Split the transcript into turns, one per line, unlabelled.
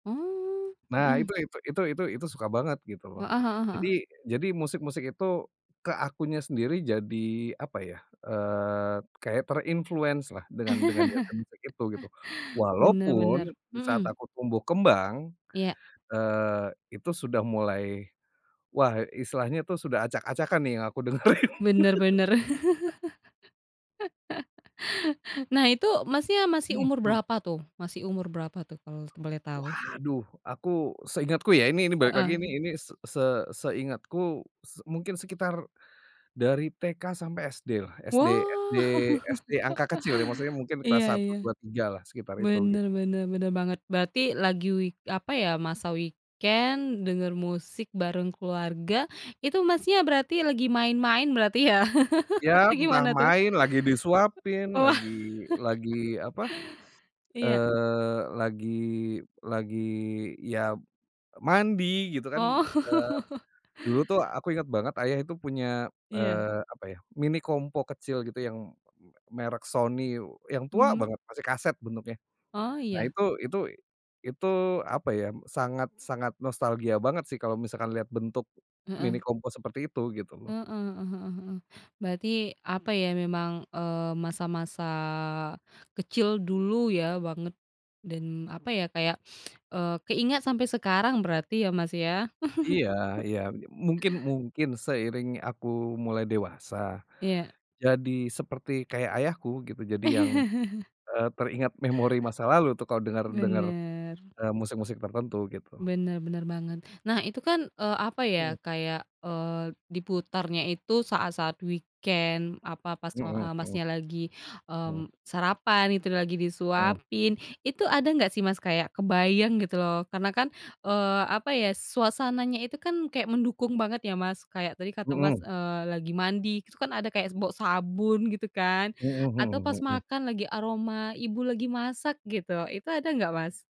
Mmm,
Nah
mhm.
itu itu itu itu itu itu suka banget gitu loh,
Heeh heeh
jadi
heeh.
jadi musik-musik itu ke akunya sendiri jadi apa ya, eee, kayak terinfluence lah dengan dengan genre musik itu gitu.
Bener bener,
Walaupun di saat
mhm.
aku tumbuh kembang,
Iya.
eee, itu sudah mulai, wah, istilahnya itu sudah acak-acakan nih yang aku dengerin.
Bener bener. Nah, itu, Masnya, masih
Mhm
umur
mhm.
berapa tuh? Masih umur berapa tuh kalau boleh tau?
Waduh, aku, seingatku ya. Ini ini balik lagi ini
Heeh.
ini s se seingatku s mungkin sekitar dari TK sampai SD lah. SD SD
Wah!
SD angka kecil ya, maksudnya mungkin kelas
Iya
satu
iya.
dua tiga lah sekitar itu, gitu.
Bener bener bener banget, berarti lagi week apa ya, masa weekend, denger musik bareng keluarga, itu Masnya berarti lagi main-main berarti ya?
Ya
Atau
entah
gimana tuh?
main, lagi disuapin,
Oalah,
lagi lagi apa,
iya.
eee, lagi lagi ya mandi gitu kan, eee,
Oh.
dulu tuh aku inget banget ayah itu punya,
Iya.
eee, apa ya, Mini Compo kecil gitu yang me merek Sony yang tua
Mhm.
banget, masih kaset bentuknya.
Oh,
Nah
iya.
itu itu itu apa ya sangat-sangat nostalgia banget sih kalau misalkan lihat bentuk Mini
Heeh.
Compo seperti itu gitu loh.
Heeh heeh heeh heeh, berarti apa ya, memang, eee, masa-masa kecil dulu ya, banget. Dan apa ya kayak keingat sampai sekarang berarti ya, Mas, ya?
Iya iya, me mungkin mungkin seiring aku mulai dewasa,
Iya.
jadi seperti kayak ayahku gitu, jadi yang, eee, teringat memori masa lalu tuh kalau dengar-dengar,
Bener.
eee, musik-musik tertentu gitu.
Bener bener banget. Nah, itu kan, eee, apa
Mhm.
ya? Kayak, eee, diputarnya itu saat-saat weekend, apa pas, eee,
Mhm
a Mas
mhm.
nya lagi,
Mhm.
mmm, sarapan, itu lagi
Mhm.
disuapin, itu ada enggak sih, Mas, kayak kebayang gitu loh, karena kan, eee, apa ya suasananya itu kan kayak mendukung banget ya, Mas, kayak tadi kata, Mas,
Mhm
eee, lagi mandi terus kan ada kayak bau sabun gitu kan
Mhm
atau pas
mhm mhm.
makan lagi aroma ibu lagi masak gitu, itu ada nggak, Mas?